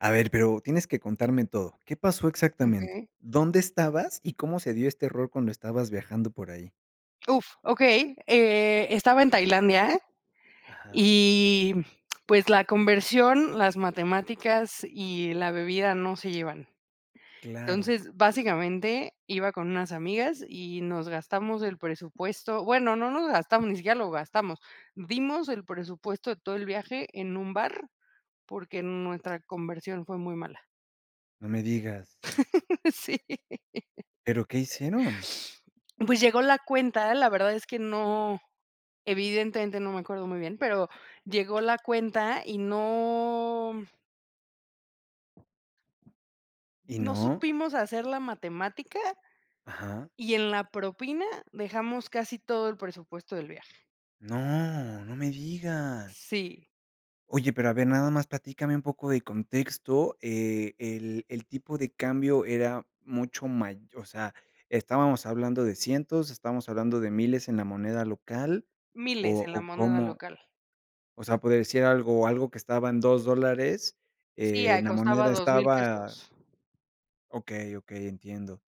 A ver, pero tienes que contarme todo. ¿Qué pasó exactamente? Okey. ¿Dónde estabas, y cómo se dio este error cuando estabas viajando por ahí? Uf, okey. Eh, estaba en Tailandia, Ajá. y pues, la conversión, las matemáticas y la bebida no se llevan. Claro. Entonces, básicamente, iba con unas amigas, y nos gastamos el presupuesto. Bueno, no nos gastamos, ni siquiera lo gastamos. Dimos el presupuesto de todo el viaje en un bar, porque, nuestra conversión, fue muy mala. No me digas. Sí. Pero, ¿qué hicieron? Pues, llegó la cuenta. La verdad es que no, evidentemente no me acuerdo, muy bien, pero llegó la cuenta, y no ¿Y no no? supimos hacer la matemática, Ajá. y en la propina, dejamos casi todo, el presupuesto del viaje. ¡No! no me digas. Sí. Oye, pero a ver, nada más platícame un poco de contexto. Eh, el el tipo de cambio era mucho mayo o sea, estábamos hablando de cientos, estamos hablando de miles en la moneda local, Miles o, en la o moneda cómo local. o sea, por decir algo algo, que estaba en 2 dólares, Sí, ah, en la costaba moneda $2000 estaba pesos. okey, okey, entiendo.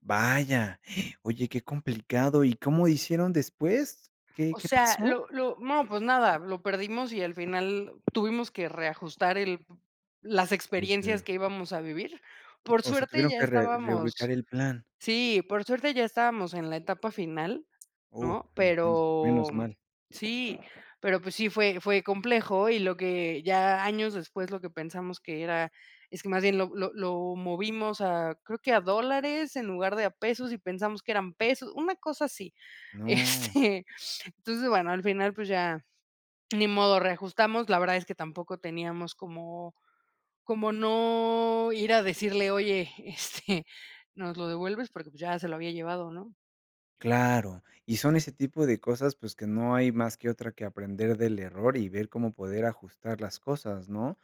Vaya, oye, qué complicado. ¿Y cómo hicieron después? ¿Qué O qué sea, pasó? lo lo no, pues nada, lo perdimos, y al final tuvimos que reajustar el las El experiencias que que íbamos a vivir. Por o sea, suerte, tuvieron ya que, re reubicar estábamos el plan. sí, por suerte ya estábamos, en la etapa final, Uh, ¿no? entiendo. Pero, Menos mm mal. sí, pero, pues sí, fue fue complejo, y lo que ya, años después, lo que pensamos que era es que más bien, lo lo lo movimos, ah, creo que a dólares, en lugar de a pesos, y pensamos que eran pesos, una cosa así, ¡No! este, entonces, bueno, al final, pues, ya ni modo, reajustamos. La verdad, es que tampoco teníamos como como, no, ir a decirle: "Oye, este, ¿nos lo devuelves?" Porque, pues, ya se lo había llevado, ¿no? Claro, y son ese tipo de cosas, pues, que no hay más que otra que aprender del error, y ver cómo poder ajustar las cosas, ¿no?